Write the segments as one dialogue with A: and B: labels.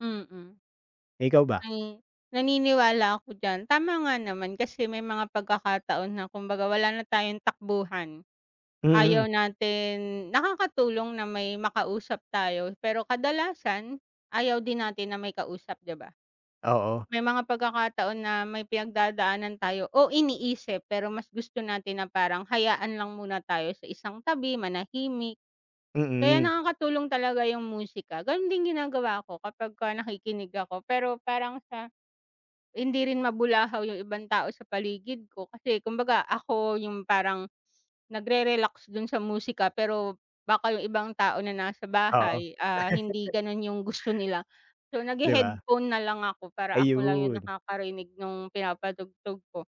A: Mm.
B: Eh, ikaw ba?
A: Mm. Naniniwala ako diyan, tama nga naman. Kasi may mga pagkakataon na kumbaga, wala na tayong takbuhan.
B: Mm.
A: Ayaw natin nakakatulong na may makausap tayo pero kadalasan, ayaw din natin na may kausap, di ba?
B: Oo.
A: May mga pagkakataon na may pinagdadaanan tayo, o iniisip pero mas gusto natin na parang hayaan lang muna tayo sa isang tabi, manahimik. Kaya
B: Mm.
A: nakakatulong talaga yung musika, ganun din ginagawa ko kapagka nakikinig ako pero parang sa hindi rin mabulahaw yung ibang tao sa paligid ko, kasi kumbaga ako yung parang nagre-relax dun sa musika pero baka yung ibang tao na nasa
B: Oo.
A: bahay, ah, hindi ganun yung gusto nila. So
B: Di ba?
A: naghe-headphone na lang ako para ako lang yung
B: Ayun.
A: nakakarinig nung pinapatugtog ko.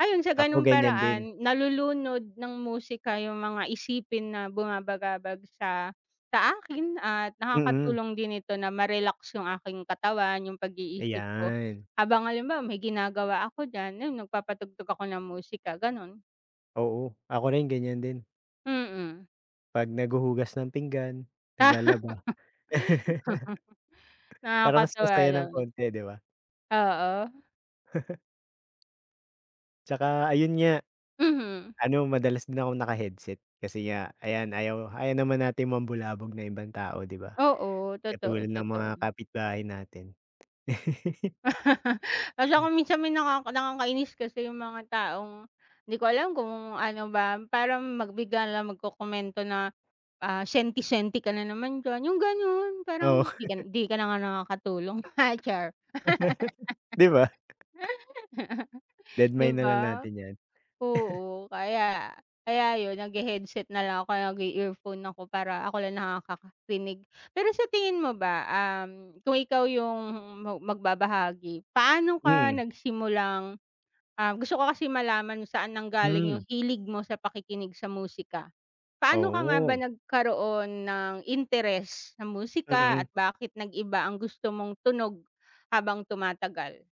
A: Ayon sa
B: Ako
A: ganung
B: ganyan din.
A: paraan, nalulunod ng musika yung mga isipin na bumabagabag sa sa akin at
B: Mm.
A: nakakatulong din ito na ma-relax yung aking katawan, yung pag-iisip ko.
B: Ayan.
A: Habang halimbawa may ginagawa ako diyan ayon nagpapatugtog ako ng musika ganun.
B: Oo, ako rin ganyan din.
A: Mm.
B: 'Pag naghuhugas ng pinggan, naglalaba, Para mas
A: Nakakatawa
B: masaya ng
A: naman.
B: konti, di ba?
A: Oo.
B: Tsaka ayun nga,
A: Mhm.
B: ano madalas din akong naka-headset. Kasi nga ayan, ayaw ayaw naman natin mambulabog ng ibang tao di ba,
A: Oo, totoo,
B: katulad ng mga
A: totoo.
B: kapitbahay natin.
A: Hala ako
B: Hmm.
A: minsan may nakaka nakakainis kasi yung mga taong, di ko alam kung ano ba, parang mag bigla na lang magkokomento na, ah, senti senti ka na naman diyan yung ganun,
B: Oo.
A: parang di ka di ka na nga nakakatulong. Char!
B: Di ba?
A: Di
B: Dedmahin na lang
A: ba?
B: natin yan.
A: Oo, kaya kaya yun naghe-headset na lang ako o kaya nag-i-earphone ako para ako lang nakakarinig. Pero sa tingin mo ba, um, kung ikaw yung magbabahagi, paano ka
B: Mm.
A: nagsimulang ah, gusto ko kasi malaman kung saan nanggaling
B: Hmm.
A: yung hilig mo sa pakikinig sa musika. Paano ka nga ba
B: Oo.
A: nagkaroon ng interes sa musika at
B: Mm.
A: bakit nag-iba ang gusto mong tunog habang tumatagal?